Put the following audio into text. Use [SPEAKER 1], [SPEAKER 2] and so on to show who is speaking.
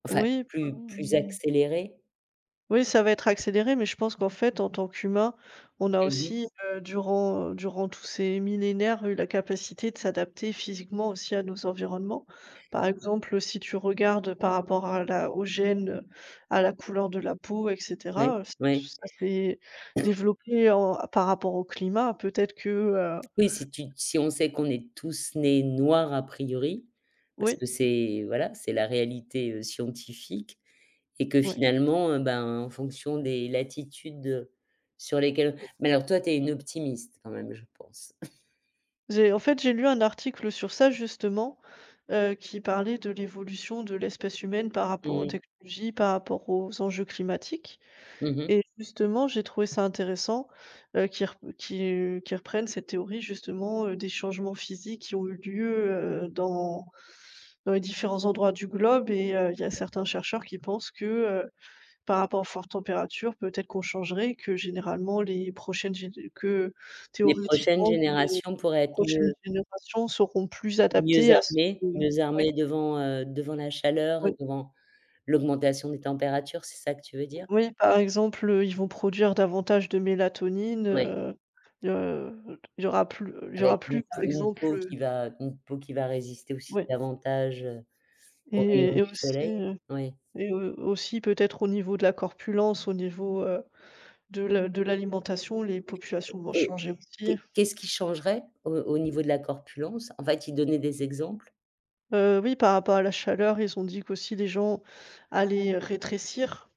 [SPEAKER 1] Enfin,
[SPEAKER 2] Oui, pas
[SPEAKER 1] plus
[SPEAKER 2] on
[SPEAKER 1] plus accéléré?
[SPEAKER 2] oui ça va être accéléré, mais je pense qu'en fait en tant qu'humain, on a
[SPEAKER 1] Mmh mh.
[SPEAKER 2] aussi, heu, durant durant tous ces millénaires eu la capacité de s'adapter physiquement aussi à nos environnements. Par exemple, si tu regardes par rapport à la aux gènes, à la couleur de la peau et
[SPEAKER 1] Oui,
[SPEAKER 2] cetera, ç ç
[SPEAKER 1] oui.
[SPEAKER 2] ça s'est développé en par rapport au climat. Peut-être que, heu
[SPEAKER 1] Oui, si tu te si on sait qu'on est tous nés noirs a priori, parce
[SPEAKER 2] Oui.
[SPEAKER 1] que c'est, voilà, c'est la réalité scientifique et que
[SPEAKER 2] Oui.
[SPEAKER 1] finalement, heu, ben, en fonction des latitudes sur lesquelle mais alors toi tu es une optimiste quand même, je pense?
[SPEAKER 2] J'ai en fait, j'ai lu un article sur ça justement, heu, qui parlait de l'évolution de l'espèce humaine par rapport
[SPEAKER 1] Mmh
[SPEAKER 2] aux
[SPEAKER 1] mh.
[SPEAKER 2] technologies, par rapport aux enjeux climatiques
[SPEAKER 1] Mmh mh.
[SPEAKER 2] et justement j'ai trouvé ça intéressant, heu, qu'il rep qui qui reprenne cette théorie justement, heu, des changements physiques qui ont eu lieu, heu, dans dans les différents endroits du globe et il y a certains chercheurs qui pensent que, heu, par rapport aux fortes températures, peut-être qu'on changerait, que généralement les prochaines gén que
[SPEAKER 1] Les prochaines
[SPEAKER 2] théoriquement que les
[SPEAKER 1] générations pourraient être
[SPEAKER 2] prochaines
[SPEAKER 1] mieux
[SPEAKER 2] générations seront plus
[SPEAKER 1] mieux
[SPEAKER 2] adaptées à ce que
[SPEAKER 1] armées mieux
[SPEAKER 2] oui.
[SPEAKER 1] armées devant, heu, devant la chaleur, et
[SPEAKER 2] Oui.
[SPEAKER 1] devant l'augmentation des températures. C'est ça que tu veux dire?
[SPEAKER 2] Oui, par exemple, ils vont produire davantage de mélatonine,
[SPEAKER 1] Oui.
[SPEAKER 2] heu heu, il y aura plus il y aura
[SPEAKER 1] Avec une
[SPEAKER 2] plus, par
[SPEAKER 1] peau une
[SPEAKER 2] exemple,
[SPEAKER 1] peau qui
[SPEAKER 2] heu
[SPEAKER 1] va une peau qui va résister aussi,
[SPEAKER 2] Oui.
[SPEAKER 1] davantage aux rayons
[SPEAKER 2] Et et
[SPEAKER 1] du
[SPEAKER 2] aussi,
[SPEAKER 1] soleil.
[SPEAKER 2] heu,
[SPEAKER 1] Oui.
[SPEAKER 2] et au aussi, peut-être, au niveau de la corpulence, au niveau, heu, de la de l'alimentation, les populations vont
[SPEAKER 1] Et
[SPEAKER 2] changer aussi.
[SPEAKER 1] qu'est qu'est-ce qui changerait, au au niveau de la corpulence? En fait, ils donnaient des exemples?
[SPEAKER 2] Heu, oui, par rapport à la chaleur, ils ont dit qu'aussi: «Les gens allaient rétrécir».